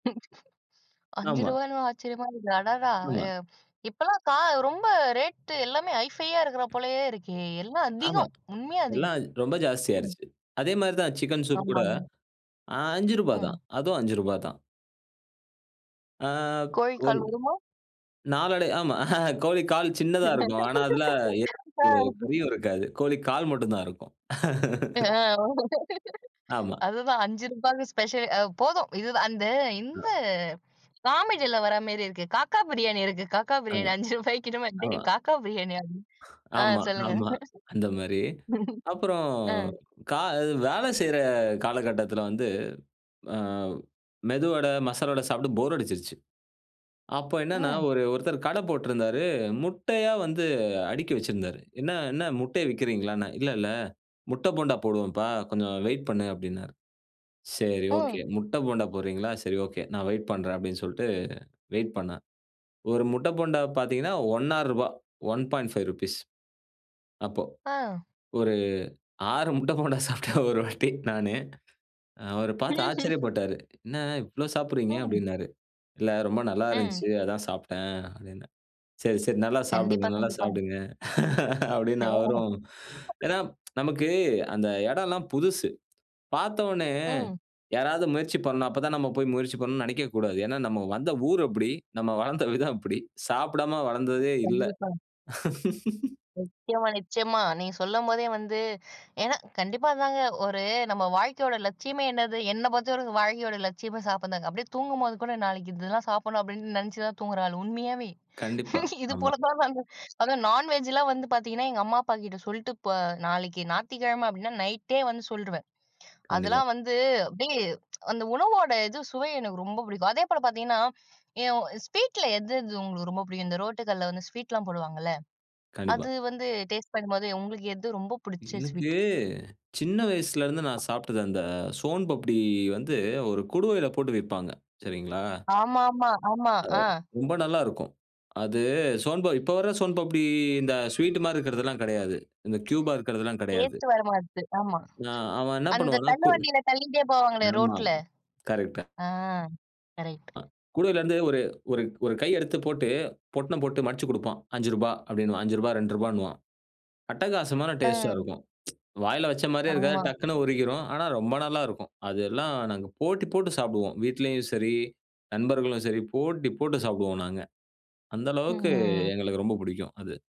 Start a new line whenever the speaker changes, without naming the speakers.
அஞ்சு
ஆமா.
ரூபா ன்னு ஆச்சரியமா இருக்கு, அடடா!
ஆமா.
அ, இப்பலாம் கா ரொம்ப ரேட், எல்லாமே ஹை ஃபையா இருக்குற போலயே இருக்கே, எல்லாம்
ஆமா.
அதிகம், உண்மையா அதிகம்.
எல்லாம் ரொம்ப ஜாஸ்தி
ம்.
ஆயிருச்சு. அதேமாரி தான் சிக்கன் சூப் கூட,
ஆமாங்க.
அ ரூ.5 தான்.
ம்.
அதும் ரூ.5 தான். ஆ,
கோழிக்கால்
கோழ்
குருமா?
நாளடை ஆமா. கோழி கால் சின்னதா இருக்கும். ஆனா, அதுல, எ
ஆ.
கறியும் இருக்காது. கோழி கால் மட்டும் தான் இருக்கும்.
ஆ.
ஆமா.
அதுதான் ரூ.5க்கு ஸ்பெஷல் அ, போதும். இதுதான் அந்த இந்த
ஆ.
காமெடில வர மாரி இருக்கு, காக்கா பிரியாணி இருக்கு, காக்கா பிரியாணி
ஆமா.
ரூ.5க்கின்னு வந்தே,
ஆமா.
காக்கா பிரியாணியா அப்டின்னு. ஆ,
ஆமா,
சொல்லுங்க.
ஆமா. அந்த மாரி. அப்புறம்
ஆ.
கா வேலை செய்யற காலகட்டத்துல வந்து, அ, மெதுவடை, மசாலா வடை சாப்ட்டு போர் அடிச்சிருச்சு. அப்ப என்னன்னா,
ம்.
ஒரு, ஒருத்தர் கட போட்டுருந்தாரு, முட்டையா வந்து அடுக்கி வச்சிருந்தாரு. "என்ன என்ன முட்டை விக்கிறீங்களான்னே?" "இல்ல, இல்ல. முட்ட போண்டா போடுவோம்ப்பா, கொஞ்சம் வெயிட் பண்ணு." அப்டின்னாரு. சரி, ஓகே,
ம்.
முட்ட போண்டா போடுறீங்களா? சரி ஓகே, நான் வெயிட் பண்றேன் அப்படின்னு சொல்லிட்டு வெயிட் பண்ணா. ஒரு முட்ட போண்டா பார்த்தீங்கன்னா ரூ.1.50, ரூ.1.5 அப்போ.
ஆ.
ஒரு 6 முட்ட போண்டா சாப்ட்டேன் ஒரு வாட்டி நானு. அ, அவரு பார்த்து
ம்ஹ்ம்.
ஆச்சரியப்பட்டாரு. "என்ன இவ்ளோ சாப்டுறீங்க?"
ம்.
அப்டின்னாரு. "இல்ல, ரொம்ப நல்லா
ம்.
இருந்துச்சி, அதான் சாப்ட்டேன்." அப்டின்னே. "சரி, சரி, நல்லா
கண்டிப்பா.
சாப்புடுங்க, நல்லா
கண்டிப்பா.
சாப்புடுங்க," அப்படின்னு
ஓ!
அவரும். ஏன்னா, நமக்கு அந்த எடம் எல்லாம் புதுசு. பார்த்தவுனே
ம்.
யாராவது முயற்சி பண்ணா, அப்பதான் நம்ம போயி முயற்சி பண்ணனும்னு நெனைக்கவே கூடாது. ஏன்னா நம்ம வந்த ஊர் அப்டி, நம்ம வளர்ந்த விதம் அப்டி. சாப்டாம வளர்ந்ததே இல்ல.
கண்டிப்பா. நிச்சயமா, நிச்சயமா. நீங்க சொல்லும்போதே வந்து ஏன்னா, கண்டிப்பா. அதாங்க ஒரு நம்ம வாழ்க்கையோட லட்சியமே என்னது? என்ன பொறுத்தவரைக்கும் வாழ்க்கையோட லட்சியமே சாப்ட்றதாங்க. அப்டியே தூங்கும்போது கூட நாளைக்கு இதெல்லாம் சாப்டணும் அப்டின்னு நெனச்சுதான் தூங்குற ஆளு, உண்மையாவே.
கண்டிப்பா. ஆமா.
இதுபோலதான் நானு, அதும் நான்வெஜ்லாம் வந்து பாத்தீங்கன்னா, எங்க அம்மா, அப்பாகிட்ட சொல்லிட்டு, போ நாளைக்கு ஞாயித்துக்கிழமை அப்டின்னா, நைட்டே வந்து சொல்டுருவேன்.
கண்டிப்பா.
அதெல்லாம் வந்து, அப்டியே அந்த உணவோட இது சுவை எனக்கு ரொம்ப புடிக்கும். அதேபோல பாத்தீங்கன்னா, எ ஸ்வீட்ல எது, இது உங்களுக்கு ரொம்ப புடிக்கும்? இந்த ரோட்டுகடைல வந்து ஸ்வீட்லாம் போடுவாங்கல்ல,
கண்டிப்பா.
அது வந்து டேஸ்ட் பண்ணும்போது உங்களுக்கு எது ரொம்ப புடிச்ச
எனக்கு
ஸ்வீட்?
சின்ன வயசுல இருந்து நான் சாப்ட்டது, அந்த சோன்பப்டி வந்து, ஒரு குடுவைல போட்டு விப்பாங்க, சரிங்களா?
ஆமாமா, ஆமா.
அ,
அ.
ரொம்ப நல்லா இருக்கும். அது சோன்ப இப்ப வர சோன்பப்டி இந்த ஸ்வீட் மாரி இருக்குறது எல்லாம் கெடையாது, இந்த கியூபா இருக்குறது எல்லாம் கெடையாது.
டேஸ்ட் வர மாட்டது. ஆமா.
ஆ, அவன் என்ன
அந்த
பண்ணுவான்னா, கு
தள்ளுவண்டில தள்ளிட்டே போவாங்களே
ஆமா.
ரோட்டுல,
கரெக்ட்டா.
ஆ. கரெக்ட்.
அ, குடுவைல இருந்து ஒரு ஒரு ஒரு கை எடுத்து போட்டு, பொட்டனம் போட்டு மடிச்சு கொடுப்பான். ரூ.5 அப்டின்வான், ரூ.5 ரூ.2ன்னுவான். அட்டகாசமான டேஸ்ட்டா
ம்.
இருக்கும். வாயில வச்ச மாரியே இருக்காது,
ஆமா.
டக்குனு உருகிரும். ஆனா ரொம்ப நல்லா இருக்கும். அது எல்லாம் நாங்க போட்டி போட்டு சாப்புடுவோம், வீட்லயும் சரி, நண்பர்களும் சரி, போட்டி போட்டு சாப்புடுவோம் நாங்க. அந்த அளவுக்கு
ம்.
எங்களுக்கு ரொம்ப புடிக்கும் அது.